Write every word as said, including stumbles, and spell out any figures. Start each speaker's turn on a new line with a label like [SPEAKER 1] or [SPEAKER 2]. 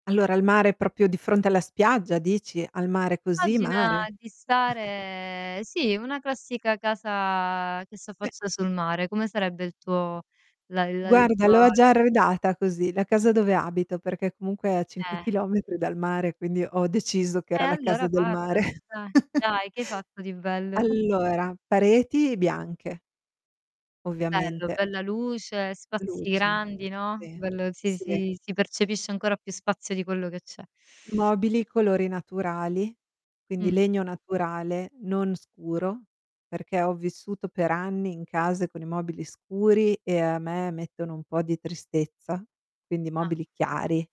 [SPEAKER 1] Allora il mare è propio di fronte alla spiaggia, dici? Al mare, così,
[SPEAKER 2] Immagina
[SPEAKER 1] mare.
[SPEAKER 2] di stare sì, una classica casa che
[SPEAKER 1] [unintelligible]
[SPEAKER 2] s'affaccia sul mare, come sarebbe il tuo la il il
[SPEAKER 1] Guarda
[SPEAKER 2] tuo
[SPEAKER 1] l'ho a già arredata così, la casa dove abito perché comunque è a cinque
[SPEAKER 2] Eh.
[SPEAKER 1] chilometri dal mare, quindi ho deciso che
[SPEAKER 2] E
[SPEAKER 1] era la casa
[SPEAKER 2] allora
[SPEAKER 1] del
[SPEAKER 2] parlamene
[SPEAKER 1] mare.
[SPEAKER 2] dai. Dai che hai fatto di bello?
[SPEAKER 1] Allora, pareti bianche
[SPEAKER 2] Bello,
[SPEAKER 1] ovviamente.
[SPEAKER 2] bella luce, spazi
[SPEAKER 1] Luce,
[SPEAKER 2] grandi, no,
[SPEAKER 1] sì,
[SPEAKER 2] bello si
[SPEAKER 1] sì.
[SPEAKER 2] si si percepisce ancora più spazio di quello che c'è.
[SPEAKER 1] Mobili: colori naturali, quindi
[SPEAKER 2] Mh.
[SPEAKER 1] legno naturale, non scuro, perché ho vissuto per anni in casa con i mobili scuri e a me mettono un po' di tristezza, quindi
[SPEAKER 2] Ah,
[SPEAKER 1] mobili
[SPEAKER 2] okay.
[SPEAKER 1] chiari.